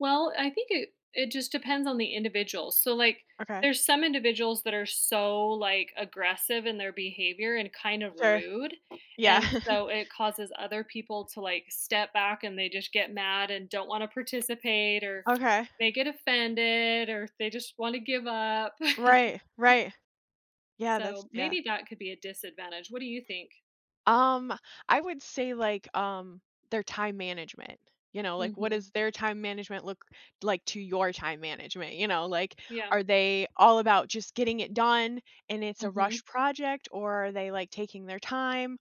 Well, I think it it just depends on the individual. So, like, Okay. there's some individuals that are so, like, aggressive in their behavior and kind of Sure, rude, yeah. and so it causes other people to, like, step back, and they just get mad and don't wanna participate, or Okay. they get offended, or they just wanna give up. Right, right. Yeah, that's So, yeah. maybe that could be a disadvantage. What do you think? Um, I would say, like, um, their time management, you know, like what Mhm. is their time management look like to your time management, you know, like, Yeah. are they all about just getting it done and it's a Mhm. rushed project? Or are they like taking their time,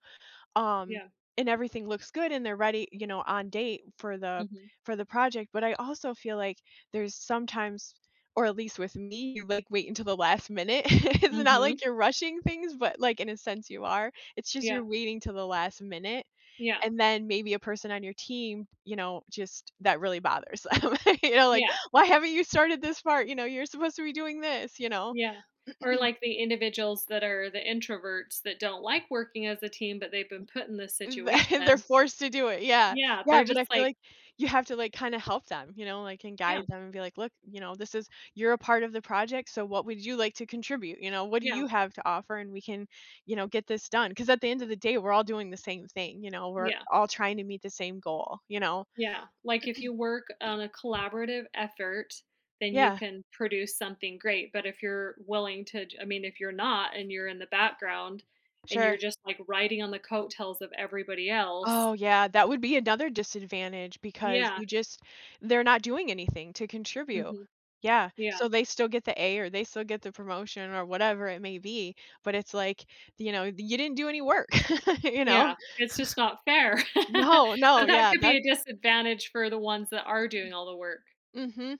um, Yeah. and everything looks good and they're ready, you know, on date for the Mhm. for the project, but I also feel like there's sometimes or at least with me, you like wait until the last minute. It's not Mhm. like you're rushing things but like in a sense you are. It's just Yeah. you're waiting 'till the last minute Yeah. and then maybe a person on your team, you know, just that really bothers um and your like, Yeah. "Why haven't you started this part?" you know, "You're supposed to be doing this," you know? Yeah, or like the individuals that are the introverts that don't like working as a team, but they've been put in this Mm, th they're situation. forced to do it, yeah, Yeah, yeah, they're but just I feel like like you have to like kinda help them, you know, like and Yeah. guide them and be like, "Look," you know, "This is you're a part of the project, so what would you like to contribute?" You know, "What do Yeah. you have to offer, and we can, you know, get this done 'cause at the end of the day we're all doing the same thing, you know, we're Yeah. all trying to meet the same goal, you know?" Yeah, like if you work on a collaborative effort, then you Yeah. can produce something great, but if you're willing to to I mean, if you're not, and you're in the background, and you're Sure. just like riding on the coattails of everybody else Oh yeah, that would be another disadvantage because Yeah. you just they're not doing anything to contribute. Mhm. Yeah, Yeah. so they still get the A or they still get the promotion or whatever it may be, but it's like, you know, "You didn't do any work," you know? Yeah, it's just not fair. No, no, So that yeah, could be that a disadvantage for the ones that are doing all the work. Mhm.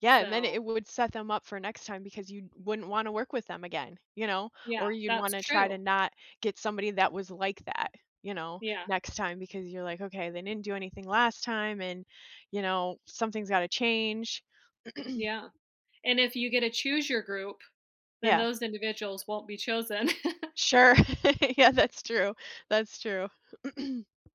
Yeah, and then So it would set them up for next time because you wouldn't want to work with them again, you know? Yeah, Or you'd that's want to try to true. not get somebody that was like that, you know? Yeah. Next time because you're like, "Okay, they didn't do anything last time and, you know, something's gotta change." Yeah, and if you get to choose your group, then Yeah. those individuals won't be chosen. Sure. Yeah, that's true. That's true.